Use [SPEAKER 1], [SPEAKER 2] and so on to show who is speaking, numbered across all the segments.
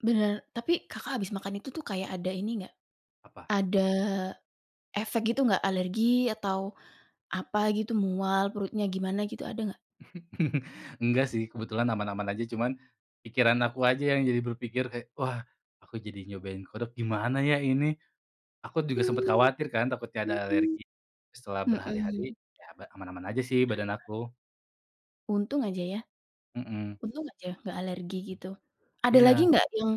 [SPEAKER 1] Benar, tapi Kakak habis makan itu tuh kayak ada ini nggak?
[SPEAKER 2] Apa?
[SPEAKER 1] Ada, efek gitu gak, alergi atau apa gitu mual perutnya gimana gitu ada nggak?
[SPEAKER 2] Enggak sih, kebetulan aman-aman aja, cuman pikiran aku aja yang jadi berpikir kayak, wah, aku jadi nyobain kodok gimana ya ini. Aku juga sempet
[SPEAKER 1] Mmm.
[SPEAKER 2] khawatir kan takutnya ada
[SPEAKER 1] Mhm.
[SPEAKER 2] alergi. Setelah berhari-hari,
[SPEAKER 1] Mhm.
[SPEAKER 2] ya ma aman-aman aja sih badan aku.
[SPEAKER 1] Untung aja ya.
[SPEAKER 2] Mhm.
[SPEAKER 1] Untung aja gak alergi gitu. Ada lagi
[SPEAKER 2] Iya.
[SPEAKER 1] nggak, yang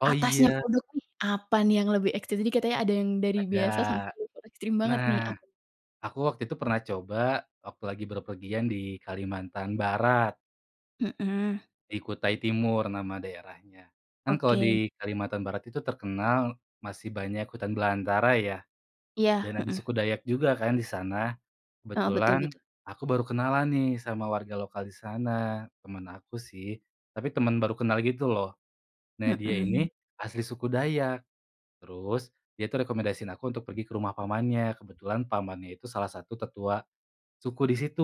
[SPEAKER 2] Oh,
[SPEAKER 1] atasnya
[SPEAKER 2] iya.
[SPEAKER 1] kodok nih apa nih yang lebih ekstrim? Tadi katanya ada yang dari
[SPEAKER 2] Ada.
[SPEAKER 1] biasa sampai level ekstrim banget
[SPEAKER 2] Nah,
[SPEAKER 1] nih, apa
[SPEAKER 2] aku waktu itu pernah coba waktu lagi berpergian di Kalimantan Barat.
[SPEAKER 1] Mhm.
[SPEAKER 2] Di Kutai Timur nama daerahnya. Kan kalau
[SPEAKER 1] Oke.
[SPEAKER 2] di Kalimantan Barat itu terkenal masih banyak hutan belantara ya,
[SPEAKER 1] Iya,
[SPEAKER 2] dan ada
[SPEAKER 1] mhm.
[SPEAKER 2] suku Dayak juga kan di sana.
[SPEAKER 1] Heeh, betul
[SPEAKER 2] Kebetulan
[SPEAKER 1] betul.
[SPEAKER 2] aku baru kenalan nih sama warga lokal di sana, teman aku sih, tapi teman baru kenal gitu loh. Nah dia
[SPEAKER 1] Mhm.
[SPEAKER 2] ini asli suku Dayak, terus dia itu rekomendasiin aku untuk pergi ke rumah pamannya, kebetulan pamannya itu salah satu tetua suku di situ,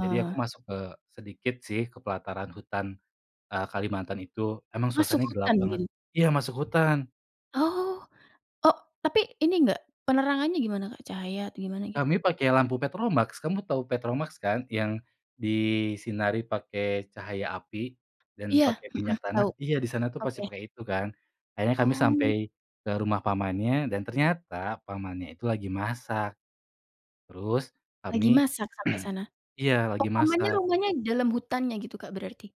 [SPEAKER 2] jadi aku masuk ke sedikit sih ke pelataran hutan, eee, Kalimantan itu, emang
[SPEAKER 1] Masuk
[SPEAKER 2] suasananya gelap
[SPEAKER 1] hutan
[SPEAKER 2] banget.
[SPEAKER 1] gitu?
[SPEAKER 2] Iya, masuk hutan.
[SPEAKER 1] Oh, o tapi ini enggak, penerangannya gimana Kak? Cahaya atau gimana gitu?
[SPEAKER 2] Kami pakai lampu petromaks, kamu tahu petromaks kan? Yang disinari pakai cahaya api dan
[SPEAKER 1] Iya,
[SPEAKER 2] pakai
[SPEAKER 1] mhm,
[SPEAKER 2] minyak tanah.
[SPEAKER 1] tau,
[SPEAKER 2] Iya di sana tuh masih
[SPEAKER 1] oke.
[SPEAKER 2] pakai itu kan, akhirnya kami sampai
[SPEAKER 1] Oh.
[SPEAKER 2] ke rumah pamannya dan ternyata pamannya itu lagi masak. Terus,
[SPEAKER 1] Lagi
[SPEAKER 2] kami
[SPEAKER 1] masak sampai sana.
[SPEAKER 2] iya,
[SPEAKER 1] Oh,
[SPEAKER 2] lagi
[SPEAKER 1] pamannya
[SPEAKER 2] masak.
[SPEAKER 1] rumahnya dalam hutannya gitu Kak berarti?